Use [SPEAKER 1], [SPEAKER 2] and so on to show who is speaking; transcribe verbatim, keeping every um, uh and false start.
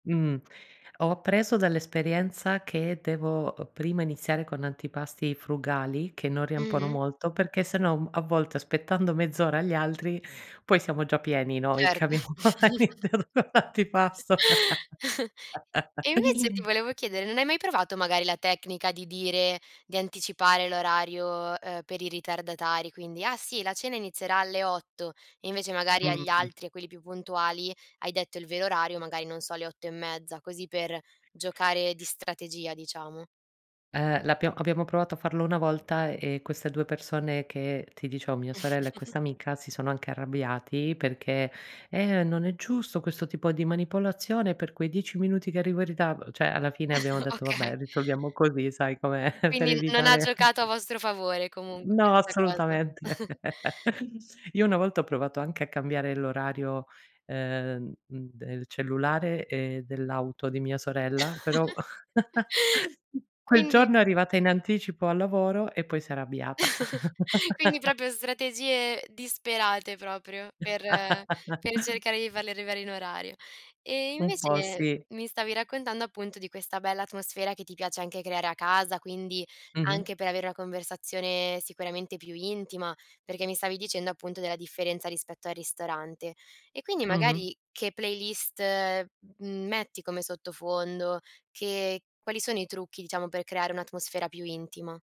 [SPEAKER 1] Mh. Ho appreso dall'esperienza che devo, uhm, prima iniziare con antipasti frugali, che non riempono
[SPEAKER 2] Mh-mh.
[SPEAKER 1] molto, perché se no m a volte aspettando mezz'ora agli altri, poi siamo già pieni noi che
[SPEAKER 2] Certo.
[SPEAKER 1] abbiamo [unintelligible] l'antipasto.
[SPEAKER 2] E invece ti volevo chiedere, non hai mai provato magari la tecnica di dire di anticipare l'orario, uhm, per i ritardatari? Quindi: "Ah, sì, la cena inizierà alle otto." E invece magari agli
[SPEAKER 1] Mh-mh.
[SPEAKER 2] altri, a quelli più puntuali, hai detto il vero orario, magari, non so, le otto e mezza, così per giocare di strategia diciamo.
[SPEAKER 1] Ehm, l'abbiamo abbiamo provato a farlo una volta, e queste due persone che ti dicevo, mia sorella e questa amica, si sono anche arrabbiati perché: "Eh, non è giusto questo tipo di manipolazione, per quei dieci minuti che arrivo in ritardo." ceh alla fine abbiamo detto: "Vabbè
[SPEAKER 2] Okay.
[SPEAKER 1] risolviamo così." Sai com'è per
[SPEAKER 2] Quindi n non ha
[SPEAKER 1] evitare
[SPEAKER 2] giocato a vostro favore comunque
[SPEAKER 1] No
[SPEAKER 2] questa cosa.
[SPEAKER 1] assolutamente. Io una volta ho provato anche a cambiare l'orario, ehm, mhmm, del cellulare e dell'auto di mia sorella, però quel
[SPEAKER 2] Quindi
[SPEAKER 1] giorno è arrivata in anticipo al lavoro e poi s'è arrabbiata.
[SPEAKER 2] quindi propio strategie disperate proprio, per per cercare di farli arrivare in orario. E
[SPEAKER 1] Un po'
[SPEAKER 2] invece
[SPEAKER 1] sì.
[SPEAKER 2] mi stavi raccontando, appunto, di questa bella atmosfera che ti piace anche creare a casa, quindi
[SPEAKER 1] Mh-mh.
[SPEAKER 2] anche per avere una conversazione sicuramente più intima, perché mi stavi dicendo, appunto, della differenza rispetto al ristorante. E quindi
[SPEAKER 1] Mh-mh.
[SPEAKER 2] magari che playlist metti come sottofondo? Che quali sono i trucchi, diciamo, per creare un'atmosfera più intima?